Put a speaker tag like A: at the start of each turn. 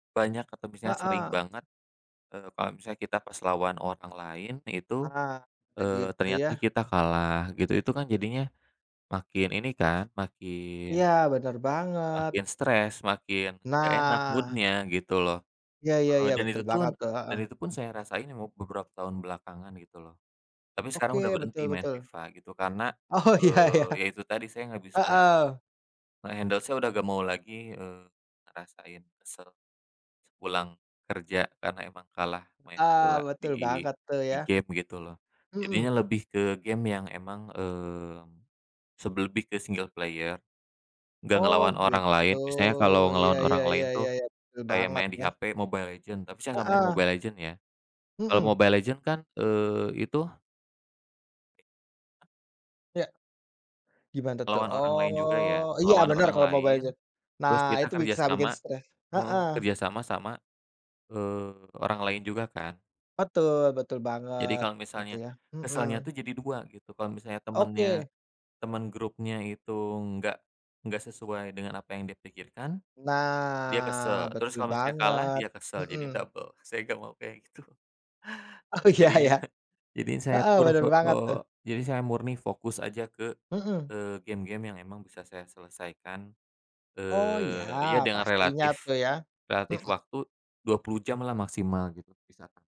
A: Banyak atau bisanya sering
B: Heeh.
A: banget, eee, kalo misalnya kita pas lawan orang lain itu,
B: Heeh. Eee,
A: eee,
B: gitu
A: ternyata
B: ya.
A: kita kalah gitu. Itu kan jadinya makin ini kan makin
B: Iya, bener banget.
A: makin stres, makin nggak enak
B: Nah.
A: mood-nya gitu loh,
B: Ya ya
A: heeh.
B: ya
A: Dan
B: betul
A: itu tun
B: banget tuh,
A: dan
B: heeh.
A: itu pun saya rasain emub beberapa tahun belakangan gitu loh. Tapi sekarang udah
B: Oke,
A: berhenti
B: betul
A: main
B: betul.
A: FIFA gitu karena,
B: Oh ya ya.
A: eee, ya itu tadi saya nggak bis nge
B: Heeh.
A: nge-handle saya udah nggak mau lagi, eee, ngerasain kesel sepulang kerja karena emang kalah main
B: Eee,
A: bola
B: betul
A: di
B: banget tuh
A: di
B: ya.
A: game gitu loh. Jadinya
B: Mhm.
A: lebih ke game yang emang, eee, sebel lebih ke single player, nggak
B: Oh
A: ngelawan orang
B: gitu,
A: lain. Misalnya kalau
B: iya
A: ngelawan
B: iya
A: orang
B: iya
A: lain
B: iya
A: tuh
B: iya, betul
A: kayak
B: banget
A: main di
B: ya.
A: HP Mobile Legends, tapi saya nggak main
B: Heeh.
A: Mobile Legends ya. Kalau
B: Mhm.
A: Mobile Legends kan, eee, itu [unintelligible]
B: Iya. Gimana tuh?
A: Ngelawan orang lain juga
B: Oh,
A: ya,
B: iya
A: ngelawan
B: bener
A: orang
B: kalo mau
A: lain,
B: belajar. Nah
A: terus kita
B: itu bisa bikin
A: kerjasama
B: stress.
A: heeh.
B: Heeh.
A: Kerjasama sama, eee, orang lain juga kan.
B: Betul betul
A: Jadi
B: banget
A: kalau
B: gitu
A: misalnya,
B: ya,
A: kesalnya
B: mhm.
A: tuh jadi dua gitu. Kalau misalnya temennya,
B: Oke.
A: temen grupnya itu nggak nggak sesuai dengan apa yang dia pikirkan, dia
B: Nah
A: kesel. Terus
B: betul
A: kalau misalnya kalah,
B: banget,
A: dia kesel. Jadinya
B: mhm.
A: double, saya nggak mau kayak gitu.
B: Oh,
A: Heeh,
B: iya
A: jadinya
B: iya.
A: he jadinya saya
B: Heeh,
A: kur
B: bener
A: fo
B: banget
A: eee,
B: tuh.
A: jadinya saya murni fokus aja ke,
B: Mhm.
A: eee, game-game yang emang bisa saya selesaikan.
B: Oh iya
A: Eee, ya dengan
B: pastinya
A: relatif
B: tuh ya,
A: relatif
B: mhm.
A: waktu 20 jamlah maksimal gitu bisa, Kak.